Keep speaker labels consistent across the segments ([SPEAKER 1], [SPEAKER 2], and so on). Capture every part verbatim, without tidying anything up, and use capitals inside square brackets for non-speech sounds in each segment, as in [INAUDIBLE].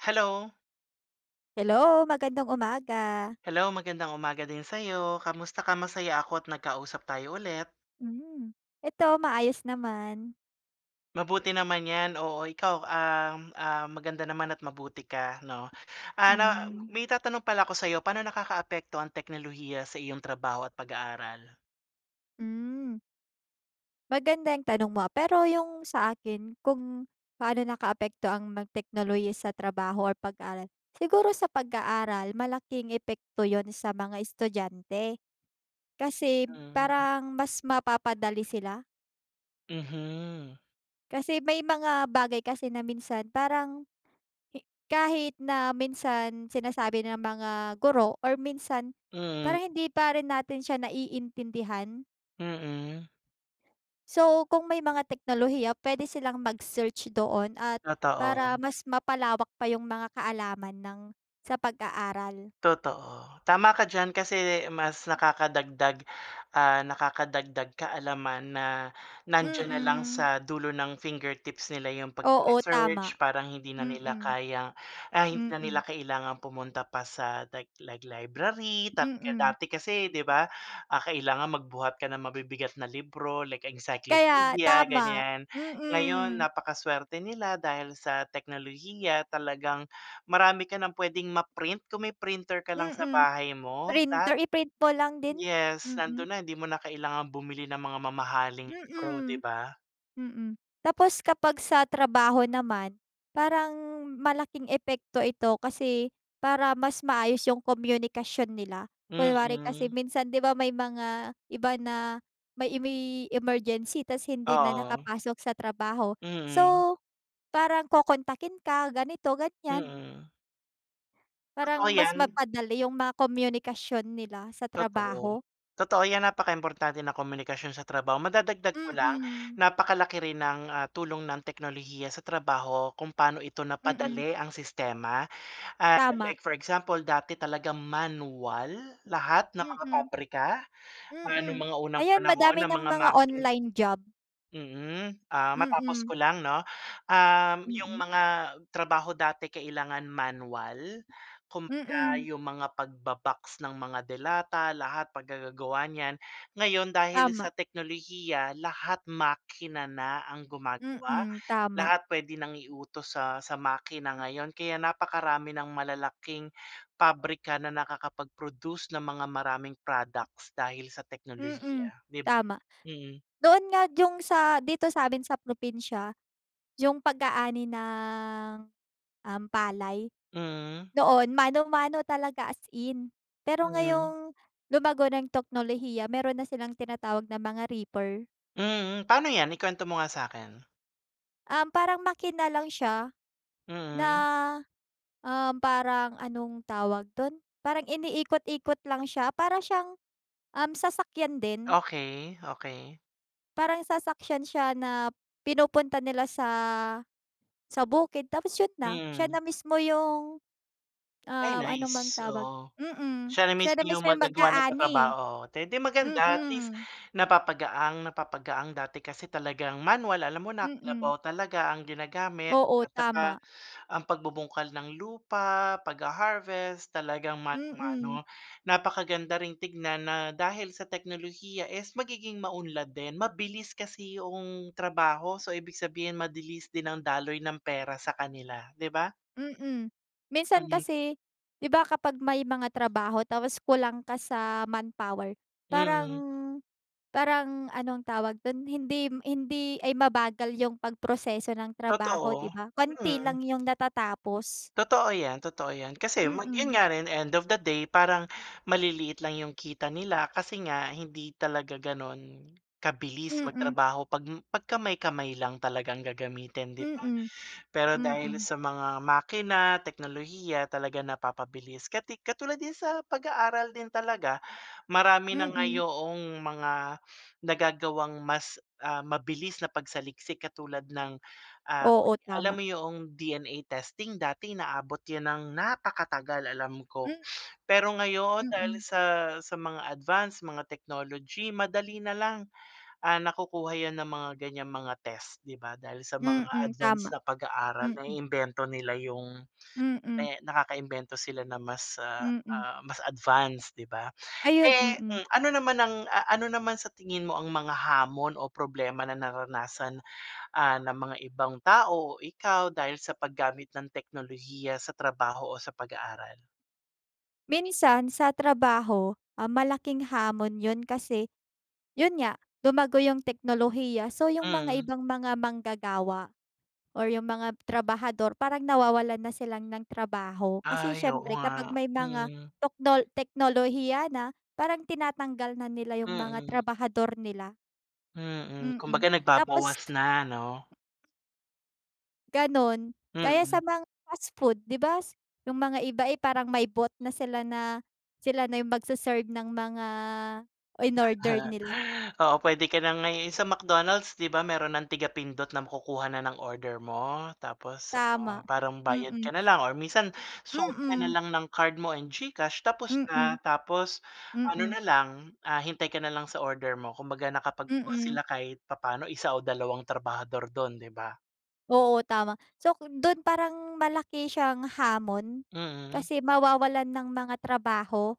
[SPEAKER 1] Hello.
[SPEAKER 2] Hello! Magandang umaga.
[SPEAKER 1] Hello, magandang umaga din sa'yo. Kamusta ka? Masaya ako at nagkausap tayo ulit.
[SPEAKER 2] Hmm, eto maayos naman.
[SPEAKER 1] Mabuti naman 'yan, oo ikaw, um, ah, maganda naman at mabuti ka 'no? Ah, na
[SPEAKER 2] Hmm.
[SPEAKER 1] may itatanong pala ako sa 'yo, paano nakakaapekto ang teknolohiya sa iyong trabaho at pag-aaral?
[SPEAKER 2] Hmm. Magandang tanong mo, ah, pero yung sa akin kung paano nakaapekto ang mga teknolohiya sa trabaho or pag-aaral. Siguro sa pag-aaral malaking epekto 'yun sa mga estudyante, kasi
[SPEAKER 1] Hmm.
[SPEAKER 2] parang mas mapapadali sila?
[SPEAKER 1] Mhm.
[SPEAKER 2] Kasi may mga bagay kasi na minsan parang, hi kahit na minsan sinasabi ng mga guro or minsan,
[SPEAKER 1] Hmm.
[SPEAKER 2] parang hindi pa rin natin siya naiintindihan.
[SPEAKER 1] Mm.
[SPEAKER 2] So kung may mga teknolohiya puwede silang mag-search doon at para
[SPEAKER 1] Totoo.
[SPEAKER 2] mas mapalawak pa yung mga kaalaman ng sa pag-aaral.
[SPEAKER 1] Totoo. Tama ka diyan kasi mas nakakadagdag, ah, nakakadagdag kaalaman na nandiyan na lang
[SPEAKER 2] Mm.
[SPEAKER 1] sa dulo ng fingertips nila 'yong
[SPEAKER 2] Oo,
[SPEAKER 1] pag-research.
[SPEAKER 2] tama.
[SPEAKER 1] Parang hindi na nila
[SPEAKER 2] Mm.
[SPEAKER 1] kayang ah, hindi na
[SPEAKER 2] Mm.
[SPEAKER 1] nila kailangan pumunta pa sa da like like library talaga.
[SPEAKER 2] Mm.
[SPEAKER 1] Dati kasi 'di ba, ah, kailangan magbuhat ka na mabibigat na libro like
[SPEAKER 2] Kaya,
[SPEAKER 1] encyclopedia,
[SPEAKER 2] tama.
[SPEAKER 1] ganyan. Ngayon
[SPEAKER 2] Mm.
[SPEAKER 1] napakasuwerte nila dahil sa teknolohiya talagang marami ka nang puwedeng ma-print, kung may printer ka lang sa
[SPEAKER 2] Mm.
[SPEAKER 1] bahay mo lahat
[SPEAKER 2] Printer, i-print po lang din,
[SPEAKER 1] yes nando'n
[SPEAKER 2] mm.
[SPEAKER 1] na hindi mo na kailangan bumili ng mga mamahaling libro 'di
[SPEAKER 2] Mm.
[SPEAKER 1] ba?
[SPEAKER 2] Mm, tapos kapag sa trabaho naman parang malaking epekto ito kasi, para mas maayos yung komyunikasyon nila. Kunwari kasi
[SPEAKER 1] Mm.
[SPEAKER 2] minsan 'di ba may mga iba na may may emergency ta's hindi na
[SPEAKER 1] Oo.
[SPEAKER 2] nakapasok sa trabaho,
[SPEAKER 1] Mm.
[SPEAKER 2] so parang kokontakin ka ganito-ganyan.
[SPEAKER 1] Mm. Totoo
[SPEAKER 2] Parang mas
[SPEAKER 1] 'yan.
[SPEAKER 2] mapadali yung mga komyunikasyon nila sa
[SPEAKER 1] Totoo.
[SPEAKER 2] trabaho.
[SPEAKER 1] Totoo yan napakaimportante ng komunikasyon sa trabaho. Madadagdag ko lang,
[SPEAKER 2] Mm.
[SPEAKER 1] napakalaki rin ng, ah, tulong ng teknolohiya sa trabaho kung paano ito
[SPEAKER 2] Mm.
[SPEAKER 1] napadali ang sistema, ah,
[SPEAKER 2] Tama.
[SPEAKER 1] like for example dati talagang manual lahat ng mga
[SPEAKER 2] Mm.
[SPEAKER 1] pabrika. Ah, no'ng
[SPEAKER 2] Mm,
[SPEAKER 1] mga unang
[SPEAKER 2] ayan
[SPEAKER 1] panahon
[SPEAKER 2] madami
[SPEAKER 1] ng
[SPEAKER 2] ng
[SPEAKER 1] mga
[SPEAKER 2] mga
[SPEAKER 1] makin
[SPEAKER 2] online job.
[SPEAKER 1] mm, ah, matapos
[SPEAKER 2] Mm.
[SPEAKER 1] ko lang 'no? Um, 'yong
[SPEAKER 2] Mm.
[SPEAKER 1] mga trabaho dati kailangan manual. Kumbaga
[SPEAKER 2] Mm.
[SPEAKER 1] 'yong mga pagba-box ng mga delata lahat paggagagawa niyan. Ngayon dahil
[SPEAKER 2] Tama.
[SPEAKER 1] sa teknolohiya lahat makina na ang gumagawa.
[SPEAKER 2] Mm, tama.
[SPEAKER 1] Lahat puwede nang iutos sa sa makina ngayon kaya napakarami ng malalaking pabrika na nakakapag-produce ng mga maraming products dahil sa
[SPEAKER 2] Mm,
[SPEAKER 1] teknolohiya 'dib
[SPEAKER 2] tama.
[SPEAKER 1] mm.
[SPEAKER 2] Doon nga yung sa dito sa'min sa probinsya, yung pag-aani ng um, palay.
[SPEAKER 1] Hmm.
[SPEAKER 2] Noon mano-mano talaga as in, pero
[SPEAKER 1] Hmm.
[SPEAKER 2] ngayong lumago na yung teknolohiya mayro'n na silang tinatawag ng mga reaper.
[SPEAKER 1] Mm, paano 'yan? Ikuwento mo nga sa'kin.
[SPEAKER 2] Um, parang makina lang siya, na,
[SPEAKER 1] Hmm.
[SPEAKER 2] um, parang anong tawag do'n? Parang iniikot-ikot lang siya. Para siyang, um, sasakyan din.
[SPEAKER 1] Okey, okey.
[SPEAKER 2] Parang sasaksyan siya na, pinupunta nila sa, sa bukid tapos 'yun na siya
[SPEAKER 1] Mm.
[SPEAKER 2] na mismo yung,
[SPEAKER 1] Ay
[SPEAKER 2] ah, ano bang
[SPEAKER 1] nice,
[SPEAKER 2] tawag
[SPEAKER 1] oo.
[SPEAKER 2] mm,
[SPEAKER 1] Siya na
[SPEAKER 2] siya na
[SPEAKER 1] mismo 'yong
[SPEAKER 2] mismo yung
[SPEAKER 1] maggagawa ng
[SPEAKER 2] mag-aani.
[SPEAKER 1] trabaho. Eh, 'di maganda at least
[SPEAKER 2] Mm.
[SPEAKER 1] napapagaang, napapagaang. Dati kasi talagang manual alam mo na
[SPEAKER 2] Mm.
[SPEAKER 1] kalabaw talaga ang ginagamit
[SPEAKER 2] Oo,
[SPEAKER 1] at saka
[SPEAKER 2] tama.
[SPEAKER 1] ang pagbubungkal ng lupa, pagha-harvest talagang
[SPEAKER 2] Mm.
[SPEAKER 1] mano-mano. Napakaganda ring tignan na dahil sa teknolohiya is magiging maunlad din. Mabilis kasi 'yong trabaho, so ibig sabihin madilis din ang daloy ng pera sa kanila, 'di ba?
[SPEAKER 2] Mm. Minsan
[SPEAKER 1] Mm.
[SPEAKER 2] kasi 'di ba, kapag may mga trabaho tapos kulang ka sa manpower, parang,
[SPEAKER 1] Mm.
[SPEAKER 2] parang anong tawag do'n, hindi m hindi ay, mabagal yung pagproseso ng trabaho 'di
[SPEAKER 1] Totoo,
[SPEAKER 2] ba? Konti
[SPEAKER 1] mm.
[SPEAKER 2] lang yung natatapos.
[SPEAKER 1] Totoo 'yan, totoo 'yan. Kasi mag 'yon
[SPEAKER 2] Mm.
[SPEAKER 1] nga rin end of the day parang maliliit lang 'yong kita nila. Kasi nga hindi talaga gano'n kabilis
[SPEAKER 2] Mm.
[SPEAKER 1] magtrabaho 'pag m 'pag kamay-kamay lang talagang gagamitin 'di ba.
[SPEAKER 2] Mm.
[SPEAKER 1] Pero dahil
[SPEAKER 2] Mm.
[SPEAKER 1] sa mga makina, teknolohiya talaga napapabilis. Kati katulad din sa pag-aaral din talaga, marami na nga
[SPEAKER 2] Mm.
[SPEAKER 1] yoong mga [SNIFFS] nagagawang mas, ah, mabilis na pagsaliksik katulad ng, ah, [UNINTELLIGIBLE]
[SPEAKER 2] Oo, tama.
[SPEAKER 1] alam mo yoong D-N-A testing dati inaabot yan ng napakatagal alam ko.
[SPEAKER 2] Mm
[SPEAKER 1] [SNIFFS] Pero ngayon dahil
[SPEAKER 2] Mm.
[SPEAKER 1] sa, sa mga advanced mga technology madali na lang, ah, nakukuha yan ng mga ganyang mga test 'di ba. Dahil sa mga
[SPEAKER 2] Mm,
[SPEAKER 1] advanced
[SPEAKER 2] tama.
[SPEAKER 1] na pag-aaral,
[SPEAKER 2] Mm.
[SPEAKER 1] naiimbento nila yung
[SPEAKER 2] Mm.
[SPEAKER 1] me nakakaimbento sila na mas, ah,
[SPEAKER 2] Mm.
[SPEAKER 1] ah, mas advanced 'di ba. Pe
[SPEAKER 2] Ayun, mm.
[SPEAKER 1] mm. Ano naman ang, ah, ano naman sa tingin mo ang mga hamon o problema na naranasan, ah, ng mga ibang tao o ikaw dahil sa paggamit ng teknolohiya sa trabaho o sa pag-aaral?
[SPEAKER 2] Minsan sa trabaho, ah, malaking hamon 'yun kasi, 'yun nga lumago yung teknolohiya. So yung mga
[SPEAKER 1] Mm.
[SPEAKER 2] ibang mga manggagawa or yung mga trabahador parang nawawalan na silang ng trabaho. Kasi
[SPEAKER 1] Ay, oo
[SPEAKER 2] siyempre kapag
[SPEAKER 1] nga.
[SPEAKER 2] may mga
[SPEAKER 1] Mm.
[SPEAKER 2] tokno teknolohiya na parang tinatanggal na nila yung mga
[SPEAKER 1] Mm.
[SPEAKER 2] trabahador nila.
[SPEAKER 1] Mm,
[SPEAKER 2] Mm,
[SPEAKER 1] kumbaga
[SPEAKER 2] tapos
[SPEAKER 1] nagbabawas na ano?
[SPEAKER 2] gano'n. Gaya sa
[SPEAKER 1] Mm.
[SPEAKER 2] mga fast food 'di ba s? yung mga iba, eh, parang may bot na sila na sila na yung magse-serve ng mga inorder
[SPEAKER 1] [CHUCKLES]
[SPEAKER 2] nila?
[SPEAKER 1] Oo, puwede ka na ngayon sa McDonald's 'di ba mayro'n ng tiga-pindot na makukuha na ng order mo. Tapos ano
[SPEAKER 2] Tama,
[SPEAKER 1] parang bayad ka
[SPEAKER 2] mm.
[SPEAKER 1] na lang or minsan swipe ka na
[SPEAKER 2] Mm.
[SPEAKER 1] lang ng card mo and GCash tapos na.
[SPEAKER 2] Mm.
[SPEAKER 1] Tapos ano
[SPEAKER 2] Mm.
[SPEAKER 1] na lang, ah, hintay ka na lang sa order mo kumbaga nakapaggawa
[SPEAKER 2] Mm.
[SPEAKER 1] sila kahit papaano isa o dalawang trabahador do'n 'di ba?
[SPEAKER 2] Oo, tama. So ku do'n parang malaki siyang hamon,
[SPEAKER 1] Mm.
[SPEAKER 2] kasi mawawalan ng mga trabaho,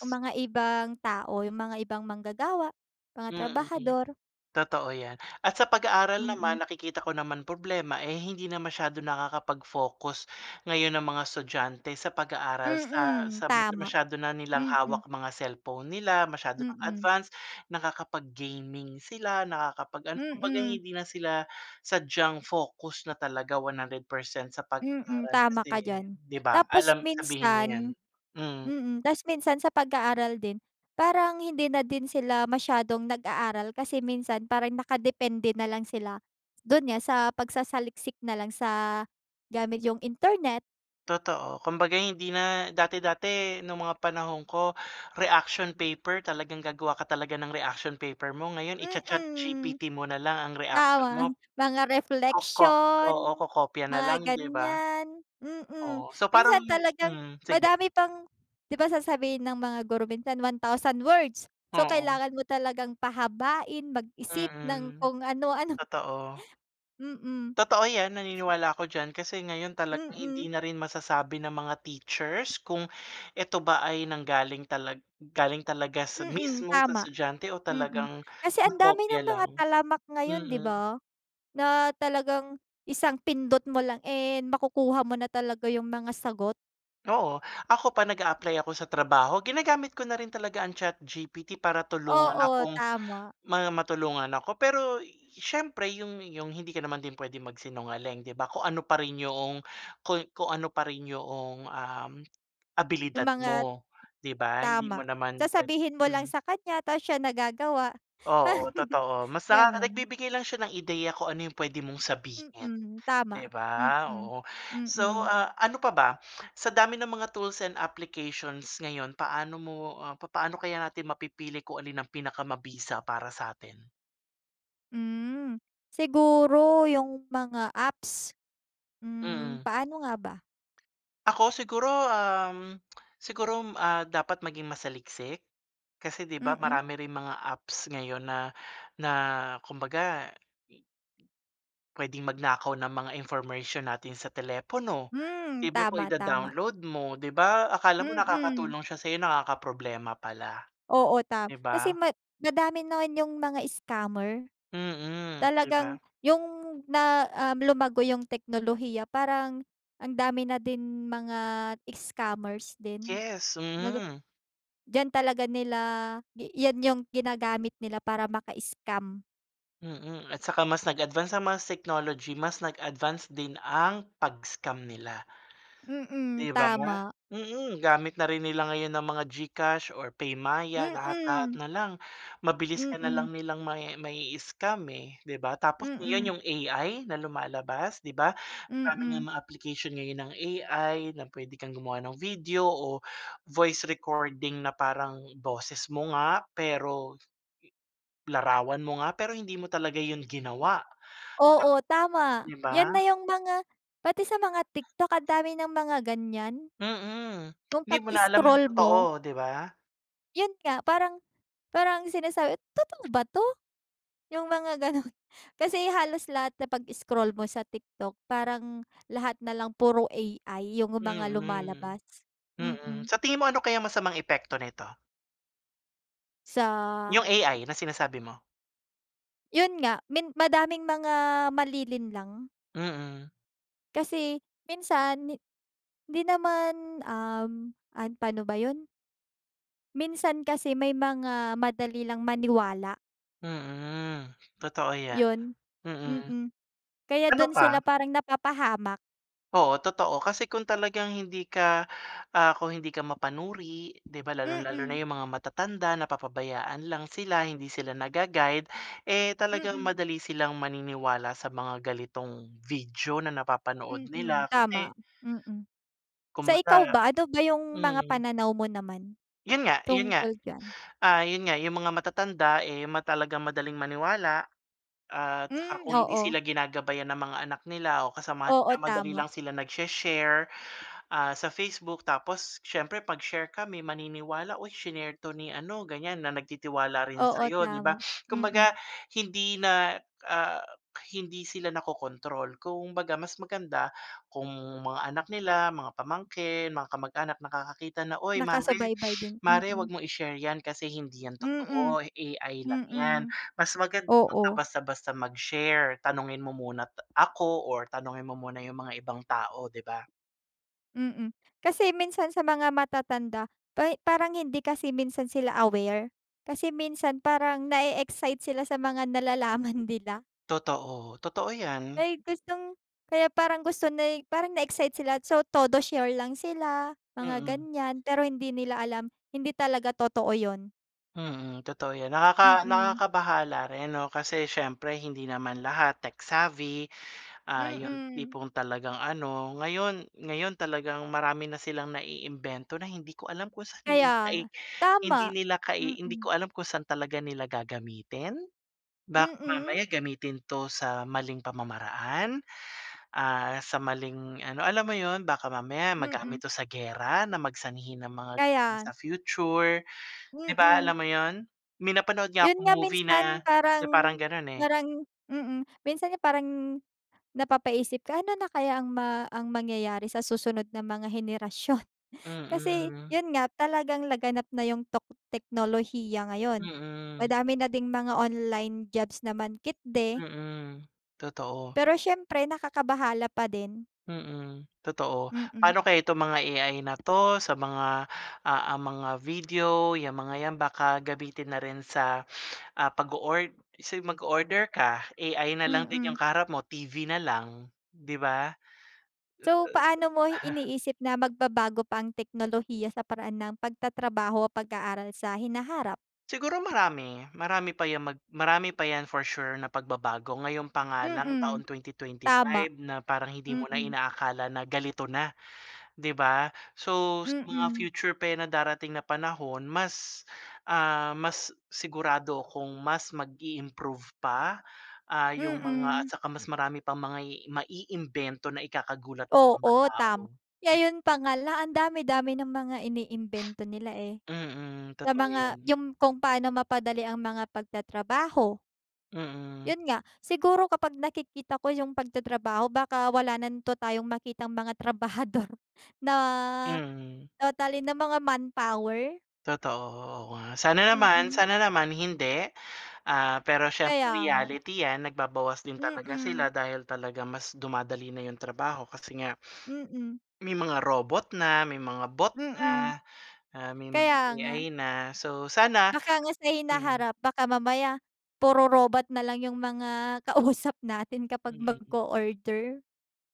[SPEAKER 2] yung mga ibang tao, yung mga ibang manggagawa, mga
[SPEAKER 1] Mm.
[SPEAKER 2] trabahador.
[SPEAKER 1] Totoo yan at sa pag-aaral naman
[SPEAKER 2] Mm.
[SPEAKER 1] nakikita ko naman problema, eh, hindi na masyadong nakakapag-focus ngayon ang mga estudyante sa pag-aaral. Sa
[SPEAKER 2] Mm,
[SPEAKER 1] sa
[SPEAKER 2] tama.
[SPEAKER 1] masyado na nilang
[SPEAKER 2] Mm.
[SPEAKER 1] hawak mga cellphone nila, masyado ng
[SPEAKER 2] Mm.
[SPEAKER 1] advanced. Nakakapag-gaming sila nakakapag ano kumbaga
[SPEAKER 2] Mm.
[SPEAKER 1] hindi na sila sadyang focus na talaga one hundred percent sa
[SPEAKER 2] Mm,
[SPEAKER 1] pag-aaral
[SPEAKER 2] tama
[SPEAKER 1] kasi
[SPEAKER 2] ka diyan.
[SPEAKER 1] 'di ba,
[SPEAKER 2] Tapos
[SPEAKER 1] alam sabihin mo 'yan,
[SPEAKER 2] minsan
[SPEAKER 1] mm.
[SPEAKER 2] mm. Ta's minsan sa pag-aaral din parang hindi na din sila masyadong nag-aaral kasi minsan parang nakadepende nalang sila. Do'n nga sa pagsasaliksik na lang sa gamit yung internet.
[SPEAKER 1] Totoo, kumbaga hindi na dati-dati nung mga panahon ko- reaction paper- talagang gagawa ka talaga ng reaction paper mo. Ngayon
[SPEAKER 2] Mm.
[SPEAKER 1] i-cha-ChatGPT mo na lang ang reaksyon mo.
[SPEAKER 2] Tama, [CHUCKLES] mga
[SPEAKER 1] Koko
[SPEAKER 2] reflection,
[SPEAKER 1] oo, kokopya na
[SPEAKER 2] mga
[SPEAKER 1] lang 'di ba?
[SPEAKER 2] ganyan, mm.
[SPEAKER 1] Oh, so parang
[SPEAKER 2] Minsan talagang
[SPEAKER 1] mm, sige.
[SPEAKER 2] madami pang 'di ba, sasabihin ng mga guro minsan one thousand words so
[SPEAKER 1] Oo.
[SPEAKER 2] kailangan mo talagang pahabain, mag-isip ng
[SPEAKER 1] Mm,
[SPEAKER 2] kung ano-ano.
[SPEAKER 1] totoo.
[SPEAKER 2] [CHUCKLES] Mm.
[SPEAKER 1] Totoo 'yan, naniniwala ako diyan, kasi ngayon talaga hindi
[SPEAKER 2] Mm.
[SPEAKER 1] na rin masasabi ng mga teachers kung eto ba ay nanggaling talag galing talaga sa
[SPEAKER 2] Mm,
[SPEAKER 1] mismo sa
[SPEAKER 2] tama.
[SPEAKER 1] estudyante o
[SPEAKER 2] Mm,
[SPEAKER 1] talagang
[SPEAKER 2] kasi andami
[SPEAKER 1] nakopya
[SPEAKER 2] ng mga
[SPEAKER 1] lang,
[SPEAKER 2] talamak ngayon 'di
[SPEAKER 1] mm.
[SPEAKER 2] ba? Na talagang isang pindot mo lang, eh, makukuha mo na talaga yung mga sagot.
[SPEAKER 1] Oo, ako pa nag-a-apply ako sa trabaho ginagamit ko na rin talaga ang ChatGPT para tulungan
[SPEAKER 2] Oo,
[SPEAKER 1] akong
[SPEAKER 2] tama.
[SPEAKER 1] ma matulungan ako. Pero, siyempre 'yung 'yung hindi ka naman din puwedeng magsinungaling 'di ba, kung ano pa rin 'yung kung kung ano pa rin 'yoong, um,
[SPEAKER 2] Yung
[SPEAKER 1] abilidad
[SPEAKER 2] mga
[SPEAKER 1] mo 'di ba, hindi mo
[SPEAKER 2] tama.
[SPEAKER 1] naman puwe
[SPEAKER 2] Sasabihin mo lang
[SPEAKER 1] mm.
[SPEAKER 2] sa kanya tapos siya na gagawa,
[SPEAKER 1] Oo
[SPEAKER 2] [CHUCKLES]
[SPEAKER 1] totoo, mas nakaka
[SPEAKER 2] gano'n.
[SPEAKER 1] nagbibigay lang siya ng ideya kung ano 'yung puwede mong sabihin,
[SPEAKER 2] Mm,
[SPEAKER 1] 'di
[SPEAKER 2] tama.
[SPEAKER 1] ba,
[SPEAKER 2] Mm,
[SPEAKER 1] oo. So,
[SPEAKER 2] mm.
[SPEAKER 1] ah, ano pa ba? Sa dami ng mga tools and applications ngayon, paano mo, ah, papano kaya natin mapipili kung alin ang pinakamabisa para sa'tin?
[SPEAKER 2] Mm. Siguro yung mga apps. Hmm,
[SPEAKER 1] Mm.
[SPEAKER 2] paano nga ba?
[SPEAKER 1] Ako siguro, um, [TSK] siguro, ah, dapat maging masaliksik. Kasi 'di ba,
[SPEAKER 2] Mm.
[SPEAKER 1] marami ring mga apps ngayon na na kumbaga, i i puwedeng magnakaw ng mga information natin sa telepono,
[SPEAKER 2] Hmm.
[SPEAKER 1] di ba po
[SPEAKER 2] Tama, tama.
[SPEAKER 1] ida-download mo 'di ba, akala mo
[SPEAKER 2] Mm.
[SPEAKER 1] nakakatulong siya sa 'yo, nakakaproblema pala.
[SPEAKER 2] Oo, ta
[SPEAKER 1] 'Di
[SPEAKER 2] kasi
[SPEAKER 1] ba?
[SPEAKER 2] ma madami na rin yung mga scammer.
[SPEAKER 1] Mm, 'di
[SPEAKER 2] Talagang
[SPEAKER 1] ba?
[SPEAKER 2] yung na um, lumago yung teknolohiya, parang ang dami na din mga scammers din,
[SPEAKER 1] Yes,
[SPEAKER 2] nag ah
[SPEAKER 1] mm.
[SPEAKER 2] diyan talaga nila yan yung ginagamit nila para maka-scam.
[SPEAKER 1] Mm, at saka mas nag-advanced ang mga technology mas nag-advanced din ang pag-scam nila,
[SPEAKER 2] Mm,
[SPEAKER 1] 'di ba?
[SPEAKER 2] tama.
[SPEAKER 1] Mm, gamit na rin nila ngayon ang mga GCash or PayMaya lahat-lahat
[SPEAKER 2] Mm.
[SPEAKER 1] na lang, mabilis ka na
[SPEAKER 2] Mm.
[SPEAKER 1] lang nilang mai mai-scam, eh, 'di ba. Tapos
[SPEAKER 2] Mm.
[SPEAKER 1] ngayon 'yong A-I na lumalabas 'di ba, marami
[SPEAKER 2] Mm.
[SPEAKER 1] ngang mga-application ngayon ang A-I na puwede kang gumawa ng video o voice recording na parang boses mo nga pero, larawan mo nga, pero hindi mo talaga 'yon ginawa.
[SPEAKER 2] Oo, tama.
[SPEAKER 1] 'Di
[SPEAKER 2] Yan na
[SPEAKER 1] ba?
[SPEAKER 2] yung mga pati sa mga TikTok andami ng mga ganyan.
[SPEAKER 1] Mm,
[SPEAKER 2] Yung
[SPEAKER 1] hindi mo na alam ang
[SPEAKER 2] pag-scroll mo.
[SPEAKER 1] totoo 'di ba?
[SPEAKER 2] Yun nga parang, parang sinasabi "Totoo ba 'to?" Yung mga gano'n. Kasi halos lahat na pag scroll mo sa TikTok parang lahat nalang puro A-I yung mga
[SPEAKER 1] Mm,
[SPEAKER 2] lumalabas.
[SPEAKER 1] mm.
[SPEAKER 2] Mm.
[SPEAKER 1] Sa tingin mo ano kaya masamang epekto nito? Yung
[SPEAKER 2] Sa
[SPEAKER 1] A-I na sinasabi mo?
[SPEAKER 2] Yun nga, min madaming mga malilinlang.
[SPEAKER 1] Mm.
[SPEAKER 2] Kasi minsan hi di naman, um, an pa'no ba yun? Minsan kasi may mga madali lang maniwala.
[SPEAKER 1] Mm. Totoo yan.
[SPEAKER 2] Yun,
[SPEAKER 1] Mm.
[SPEAKER 2] mm. Kaya
[SPEAKER 1] Ano
[SPEAKER 2] dun
[SPEAKER 1] pa?
[SPEAKER 2] sila parang napapahamak.
[SPEAKER 1] Oo, totoo kasi kung talagang hindi ka, ah, kung hindi ka mapanuri di ba, lalong-lalo na
[SPEAKER 2] Mm.
[SPEAKER 1] yung mga matatanda, napapabayaan lang sila. Hindi sila naga-guide, eh, talagang
[SPEAKER 2] Mm.
[SPEAKER 1] madali silang maniniwala sa mga ganitong video na napapanood
[SPEAKER 2] Mm,
[SPEAKER 1] nila kasi
[SPEAKER 2] tama. Mm. Sa ikaw
[SPEAKER 1] Kumbaga
[SPEAKER 2] ba? Ano ba yung mga
[SPEAKER 1] mm.
[SPEAKER 2] pananaw mo naman,
[SPEAKER 1] Yun nga yun nga,
[SPEAKER 2] tungkol diyan?
[SPEAKER 1] ah, yun nga yung mga matatanda, eh, ma talagang madaling maniwala at ha
[SPEAKER 2] Mm,
[SPEAKER 1] kung hindi
[SPEAKER 2] oo.
[SPEAKER 1] sila ginagabayan ng mga anak nila o kasamahan nila
[SPEAKER 2] Oo,
[SPEAKER 1] madali
[SPEAKER 2] tama.
[SPEAKER 1] lang sila nagshe-share, ah, sa Facebook tapos siyempre 'pag share ka may maniniwala. Oy, shinare 'to ni ano ganyan, na nagtitiwala rin
[SPEAKER 2] Oo,
[SPEAKER 1] sa'yo 'di ba?
[SPEAKER 2] tama. Mm.
[SPEAKER 1] Kumbaga hindi na, ah, hindi sila nakokontrol kumbaga mas maganda kung mga anak nila, mga pamangkin, mga kamag-anak nakakakita na, "Uy, mare,
[SPEAKER 2] Nakasubaybay din
[SPEAKER 1] mare
[SPEAKER 2] mm.
[SPEAKER 1] 'wag mong i-share 'yan kasi hindi 'yan
[SPEAKER 2] Mm,
[SPEAKER 1] totoo, A-I lang 'yan.
[SPEAKER 2] mm,
[SPEAKER 1] Mas maganda 'wag ka
[SPEAKER 2] oo.
[SPEAKER 1] basta-basta mag-share. Tanungin mo muna ta ako or tanungin mo muna yung mga ibang tao di ba?"
[SPEAKER 2] Mm. Kasi minsan sa mga matatanda pay parang hindi kasi minsan sila aware. Kasi minsan parang na-e-excite sila sa mga nalalaman nila.
[SPEAKER 1] Totoo. Totoo 'yan.
[SPEAKER 2] Ay gustong kaya parang gusto na ay parang na-excite sila. So, todo share lang sila, mga
[SPEAKER 1] Mm.
[SPEAKER 2] ganyan. Pero hindi nila alam, hindi talaga totoo yun.
[SPEAKER 1] Mm, totoo 'yan. Nakaka
[SPEAKER 2] Mm.
[SPEAKER 1] nakakabahala rin 'no, kasi siyempre hindi naman lahat tech savvy. Ah, yung
[SPEAKER 2] Mm.
[SPEAKER 1] tipong talagang ano, ngayon ngayon talagang marami na silang naiimbento na hindi ko alam kung saan nila
[SPEAKER 2] Kaya nga.
[SPEAKER 1] nai
[SPEAKER 2] Tama.
[SPEAKER 1] hindi nila kai hindi ko
[SPEAKER 2] Mm.
[SPEAKER 1] alam kung saan talaga nila gagamitin. Baka
[SPEAKER 2] Mm.
[SPEAKER 1] mamaya gamitin 'to sa maling pamamaraan, ah, sa maling ano alam mo 'yon? Baka mamaya
[SPEAKER 2] Mm.
[SPEAKER 1] magamit 'to sa giyera na mag sanhi ng mga
[SPEAKER 2] Kaya.
[SPEAKER 1] sa future di ba,
[SPEAKER 2] Mm.
[SPEAKER 1] alam mo yun? May napanood nga
[SPEAKER 2] Yun
[SPEAKER 1] akong
[SPEAKER 2] nga
[SPEAKER 1] movie na
[SPEAKER 2] minsan
[SPEAKER 1] na
[SPEAKER 2] parang
[SPEAKER 1] parang ganun, eh.
[SPEAKER 2] parang mm, minsan nga parang napapaisip ka ano na kaya ang ma ang mangyayari sa susunod na mga henerasyon. Kasi
[SPEAKER 1] Mm.
[SPEAKER 2] yun nga talagang laganap na yung tok teknolohiya ngayon.
[SPEAKER 1] Mm.
[SPEAKER 2] Madami na ding mga online jobs naman kitde.
[SPEAKER 1] Mm. Totoo.
[SPEAKER 2] Pero siyempre nakakabahala pa din.
[SPEAKER 1] Mm, totoo.
[SPEAKER 2] Mm.
[SPEAKER 1] Pa'no kaya itong mga A-I na 'to sa mga, ah ah, mga video, 'yang mga 'yan baka gamitin na rin sa, ah, pag-o-ord sin mag-o-order ka A-I na lang din yung
[SPEAKER 2] Mm.
[SPEAKER 1] kaharap mo, T-V na lang 'di ba?
[SPEAKER 2] So, paano mo
[SPEAKER 1] [CHUCKLES]
[SPEAKER 2] iniisip na magbabago pa ang teknolohiya sa paraan ng pagtatrabaho o pag-aaral sa hinaharap?
[SPEAKER 1] Siguro marami. Marami pa 'yang mag marami pa 'yan for sure na pagbabago. Ngayon pa nga lang
[SPEAKER 2] Mm.
[SPEAKER 1] taon twenty twenty
[SPEAKER 2] Tama.
[SPEAKER 1] five na parang hindi mo na
[SPEAKER 2] Mm.
[SPEAKER 1] inaakala na ganito na, 'di ba? So, sa mga
[SPEAKER 2] Mm.
[SPEAKER 1] future pa 'yan na darating na panahon mas, ah, mas sigurado akong mas mag-i-improve pa, ah, yung mga at
[SPEAKER 2] Mm.
[SPEAKER 1] saka mas marami pang mga i-i maiimbento na ikakagulat ng mga
[SPEAKER 2] Oo, tam
[SPEAKER 1] tao.
[SPEAKER 2] ngayon pa nga lang ang dami-dami ng mga iniimbento nila, eh.
[SPEAKER 1] Mm,
[SPEAKER 2] Sa
[SPEAKER 1] totoo
[SPEAKER 2] mga
[SPEAKER 1] 'yan.
[SPEAKER 2] yung kung paano mapadali ang mga pagtatrabaho.
[SPEAKER 1] Mm.
[SPEAKER 2] Yun nga, siguro kapag nakikita ko yung pagtatrabaho baka wala nanto tayong makitang mga trabahador na
[SPEAKER 1] Mm.
[SPEAKER 2] totally na mga manpower?
[SPEAKER 1] Totoo. Oo nga. Sana naman
[SPEAKER 2] Mm.
[SPEAKER 1] sana naman hindi, ah, pero siyempre
[SPEAKER 2] Kaya nga.
[SPEAKER 1] reality 'yan. Nagbabawas din talaga sila
[SPEAKER 2] Mm.
[SPEAKER 1] dahil talaga mas dumadali na yung trabaho kasi nga
[SPEAKER 2] Mm.
[SPEAKER 1] may mga robot na, may mga bot
[SPEAKER 2] Mm.
[SPEAKER 1] na, ah, may mga
[SPEAKER 2] Kaya nga.
[SPEAKER 1] A-I na. So, sana
[SPEAKER 2] Baka nga sa
[SPEAKER 1] mm.
[SPEAKER 2] hinaharap baka mamaya puro robot na lang yung mga kausap natin kapag
[SPEAKER 1] Mm.
[SPEAKER 2] mag-o-order.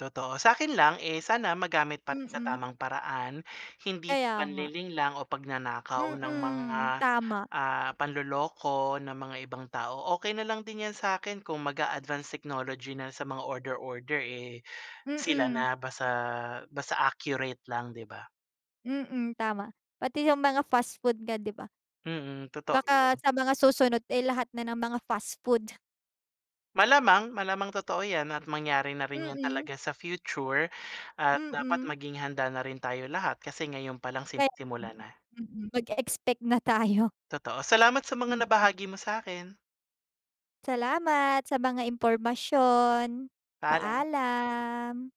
[SPEAKER 1] Totoo. Sa akin lang eh sana magamit pa rin sa
[SPEAKER 2] Mm.
[SPEAKER 1] tamang paraan. Hindi
[SPEAKER 2] Kaya nga.
[SPEAKER 1] panlilinlang o pagnanakaw ng mga,
[SPEAKER 2] Mm. Tama.
[SPEAKER 1] ah panloloko ng mga ibang tao. Okey na lang din 'yan sa akin kung mag-a-advance technology na sa mga order-order, eh, sila
[SPEAKER 2] Mm.
[SPEAKER 1] na basta basta accurate lang 'di ba?
[SPEAKER 2] Mm, tama. Pati yung mga fast food nga di ba?
[SPEAKER 1] Mm, totoo
[SPEAKER 2] Baka
[SPEAKER 1] yun.
[SPEAKER 2] sa mga susunod, eh lahat na ng mga fast food.
[SPEAKER 1] Malamang malamang totoo 'yan at mangyari na rin yun
[SPEAKER 2] Mm.
[SPEAKER 1] talaga sa future at dapat
[SPEAKER 2] Mm.
[SPEAKER 1] maging handa na rin tayo lahat kasi ngayon pa lang
[SPEAKER 2] Pe mm,
[SPEAKER 1] sinisimulan na.
[SPEAKER 2] mm, mag-eexpect na tayo.
[SPEAKER 1] Totoo. Salamat sa mga
[SPEAKER 2] Mm.
[SPEAKER 1] nabahagi mo sa akin.
[SPEAKER 2] Salamat sa mga impormasyon.
[SPEAKER 1] Paalam.
[SPEAKER 2] Paalam.